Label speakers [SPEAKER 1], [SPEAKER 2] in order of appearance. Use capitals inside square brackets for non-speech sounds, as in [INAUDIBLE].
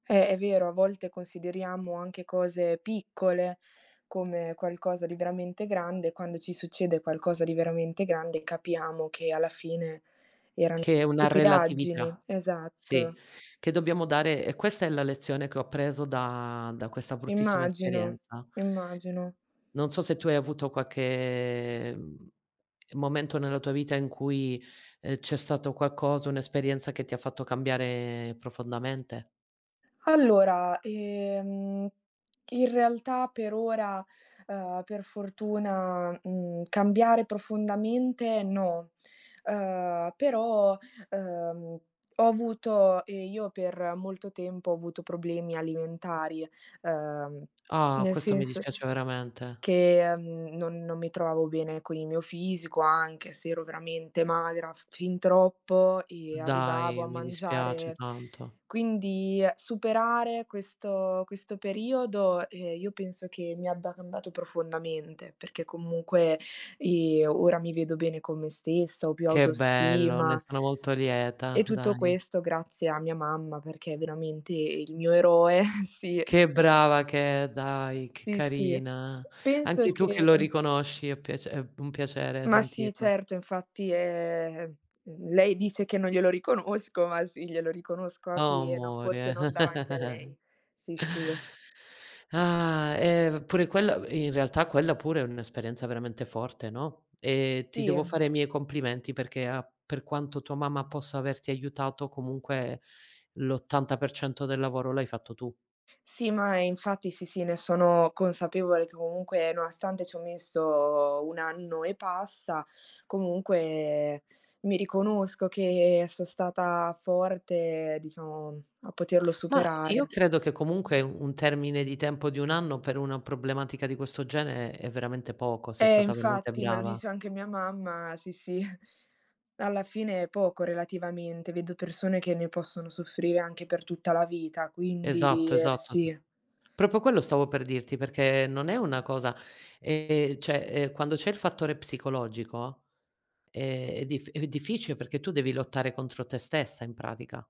[SPEAKER 1] Eh, è vero, a volte consideriamo anche cose piccole come qualcosa di veramente grande, quando ci succede qualcosa di veramente grande capiamo che alla fine eran
[SPEAKER 2] Che è una
[SPEAKER 1] stupidaggini
[SPEAKER 2] relatività. Sì.
[SPEAKER 1] esatto.
[SPEAKER 2] Che dobbiamo dare e questa è la lezione che ho appreso da da questa bruttissima
[SPEAKER 1] Immagino
[SPEAKER 2] esperienza.
[SPEAKER 1] immagino.
[SPEAKER 2] Non so se tu hai avuto qualche, mhmm, momento nella tua vita in cui, ehm, c'è stato qualcosa, un'esperienza che ti ha fatta cambiare profondamente?
[SPEAKER 1] Allora, ehm, in realtà per ora, ehm, per fortuna, mhmm, cambiare profondamente no. Ehm, però, ehm, ho avuto io per molto tempo ho avuto problemi alimentari, ehm,
[SPEAKER 2] Ah,
[SPEAKER 1] nel
[SPEAKER 2] questo mi
[SPEAKER 1] sens
[SPEAKER 2] dispiace veramente.
[SPEAKER 1] che, mhmm, non-non mi trovavo bene con il mio fisico, anche se ero veramente magra, f fin troppo, e arrivavo
[SPEAKER 2] Dai,
[SPEAKER 1] a
[SPEAKER 2] mi dispiace
[SPEAKER 1] mangiare
[SPEAKER 2] tanto.
[SPEAKER 1] quindi superare questo questo periodo, ehm, io penso che mi abbia cambiato profondamente, perché comunque, ehm, ora mi vedo bene con me stessa, ho più
[SPEAKER 2] Che bello, ne
[SPEAKER 1] autostima.
[SPEAKER 2] sono molto
[SPEAKER 1] E
[SPEAKER 2] lieta,
[SPEAKER 1] tutto
[SPEAKER 2] Dani.
[SPEAKER 1] questo grazie a mia mamma, perché è veramente il mio eroe, sì.
[SPEAKER 2] Che brava che è, dai, che
[SPEAKER 1] Sì, sì.
[SPEAKER 2] carina.
[SPEAKER 1] Penso
[SPEAKER 2] Anche tu che
[SPEAKER 1] che
[SPEAKER 2] lo riconosci è piac è un piacere
[SPEAKER 1] Ma sì,
[SPEAKER 2] sentirlo.
[SPEAKER 1] certo, infatti è lei dice che non glielo riconosco, ma sì, glielo riconosco a
[SPEAKER 2] Oh,
[SPEAKER 1] pieno. Forse
[SPEAKER 2] amore.
[SPEAKER 1] non davanti a lei.
[SPEAKER 2] [CHUCKLES]
[SPEAKER 1] Sì sì.
[SPEAKER 2] [SIGHS] Ah, eh, pure quella in realtà quella pure è un'esperienza veramente forte, no, e ti
[SPEAKER 1] Sì.
[SPEAKER 2] devo fare i miei complimenti perché a per quanto tua mamma possa averti aiutato comunque l'80% del lavoro l'hai fatto tu.
[SPEAKER 1] Sì, ma infatti sì, sì, ne sono consapevole che comunque nonostante c'ho messo 1 anno e passa, comunque mi riconosco che so' stata forte, diciamo, a poterlo
[SPEAKER 2] Ma io
[SPEAKER 1] superare.
[SPEAKER 2] credo che comunque un termine di tempo di 1 anno per una problematica di questo genere è è veramente poco, sei
[SPEAKER 1] Eh,
[SPEAKER 2] stata veramente
[SPEAKER 1] infatti, me lo
[SPEAKER 2] brava.
[SPEAKER 1] dice anche mia mamma, sì, sì. [CHUCKLES] Alla fine è poco, relativamente. Vedo persone che ne possono soffrire anche per tutta la vita, quindi
[SPEAKER 2] Esatto, esatto.
[SPEAKER 1] sì.
[SPEAKER 2] Proprio, quello stavo per dirti, perché non è una cosa ehm, cioè, ehm, quando c'è il fattore psicologico, eh, è dif è difficile perché tu devi lottare contro te stessa in pratica.